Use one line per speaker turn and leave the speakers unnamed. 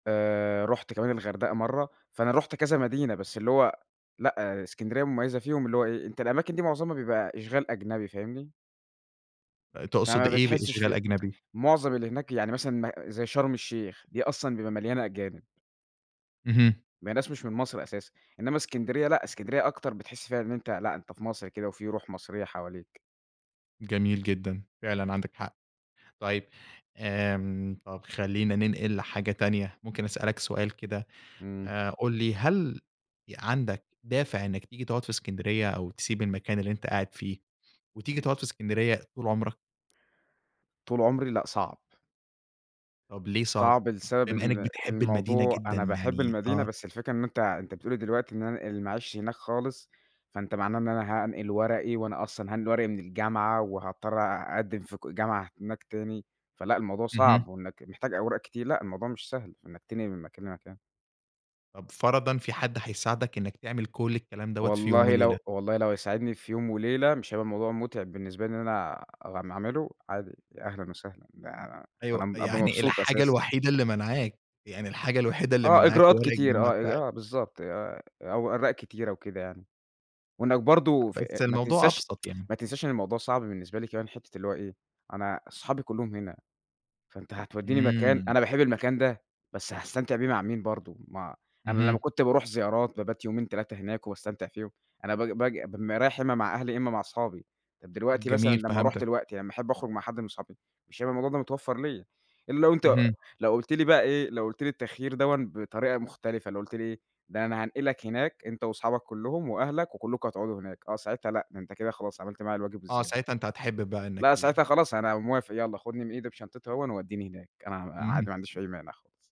آآ، رُحت كمان الغردقة مرَّة، فأنا رُحت كذا مدينة بس اللي هو لأ، إسكندرية مميَّزة فيهم، اللي هو إيه، أنت الأماكن دي مُعظَمها بيبقى إشغال أجنبي، فاهمني؟
أ تقصُد
فما
إيه
بتحسّش
بإشغال
في
أجنبي؟
مُعظَم اللي هناك يعني مثلًا م زي شرم الشيخ، دي أصلًا بيبقى مليانة أجانب.
اهم.
ما هي ناس مش من مصر أساسًا، إنما إسكندرية، لأ، إسكندرية أكتر، بتحِس فيها إن أنت لأ، أنت في مصر كده وفي رُوح مصرية حواليك.
جميل جدًا، فعلًا عندك حق. طيب، امم، طَب خلّينا ننقِل حاجة تانية. ممكن أسألك سؤال كده
إمم.
آآ، قُل لي، هل إ عندك دافِع إنك تيجي تقعُد في إسكندرية أو تسيب المكان اللي أنت قاعد فيه وتيجي تقعُد في إسكندرية طُول عمرك؟
طول عمري؟ لأ، صعب.
طب ليه صعب؟
صعب لسبب
بما إنك
إن
بتحب المدينة
الموضوع
جدًا
أنا باحب
يعني
المدينة
آه.
بس الفكرة إنه أنت أنت بتقول لي دلوقتي إن أنا أنقِل معيشتي هناك خالص، فأنت معناه إن أنا هانقِل ورقي وأنا أصلًا هانقِل ورقي من الجامعة وهاضطّر أ أقدِّم في ك جامعة هناك تاني، فلأ الموضوع
اهم.
صعب وإنك محتاج أوراق كتير، لأ، الموضوع مش سهل في إنك تنقِل من مكان لمكان.
طَب فرَضًا في حد هيساعدك إنك تعمل كل الكلام دَوَّة في يوم
والله
وليلة.
لو والله لو يساعدني في يوم وليلة مش هيبقى الموضوع متعِب بالنسبة لي، إن أنا أع أعمله عادي، يا أهلًا وسهلًا، ده ده
أيوه،
أنا م أبقى
يعني
مبسوط
الحاجة
أساسًا.
الوحيدة اللي مانعاك، يعني الحاجة الوحيدة اللي
آه،
مانعاك
إجراءات
ورق
كتير،
الجامعة
آه، أ
بتاعك؟
آه، بالضبط، آآ، أوراق كتيرة وكده يعني، وإنك برضه
أ
ف
بس
ما
الموضوع
تنساش
أبسَط يعني.
ما تنساش إن الموضوع صعب بالنسبة لي كمان حِتّة اللي هو إيه، أنا صحابي كلّهم هنا، فأنت هتودّيني مكان،
إمم.
أنا باحب المكان ده بس هاستمتع بيه مع مين برضه، ما أنا لمّا
اهم.
كنت بارُوح زيارات، بابات يومين، 3 هناك وباستمتع فيهم، أنا ب باجي بابقى رايح يا إما مع أهلي يا إما مع أصحابي، طَب دلوقتي مثلًا
جميل،
لما أرُوح
فهمتك.
دلوقتي، لمّا أحب أخرُج مع حد من صحابي، مش هيبقى الموضوع ده متوفّر ليّا الّا لو أنت
اهم.
لو قُلت لي بقى إيه، لو قُلت لي التخيّير دوًّا بطريقة مختلِفة، لو قُلت لي إيه، ده أنا هانقلك هناك أنت وأصحابك كلّهم وأهلك وكلّكم هتقعدوا هناك، آه، ساعتها لأ، ده أنت كده خلاص عملْت معايا الواجب
آه،
وزيادة.
ساعتها أنت هتحب بقى إنك
لأ، ساعتها
تيجي.
خلاص أنا موافق، يالّا خُدني من إيدي بشنطتي أهوًّا ووديني هناك، أنا ع عادي، ما عنديش
اهم.
أي مانع خالص.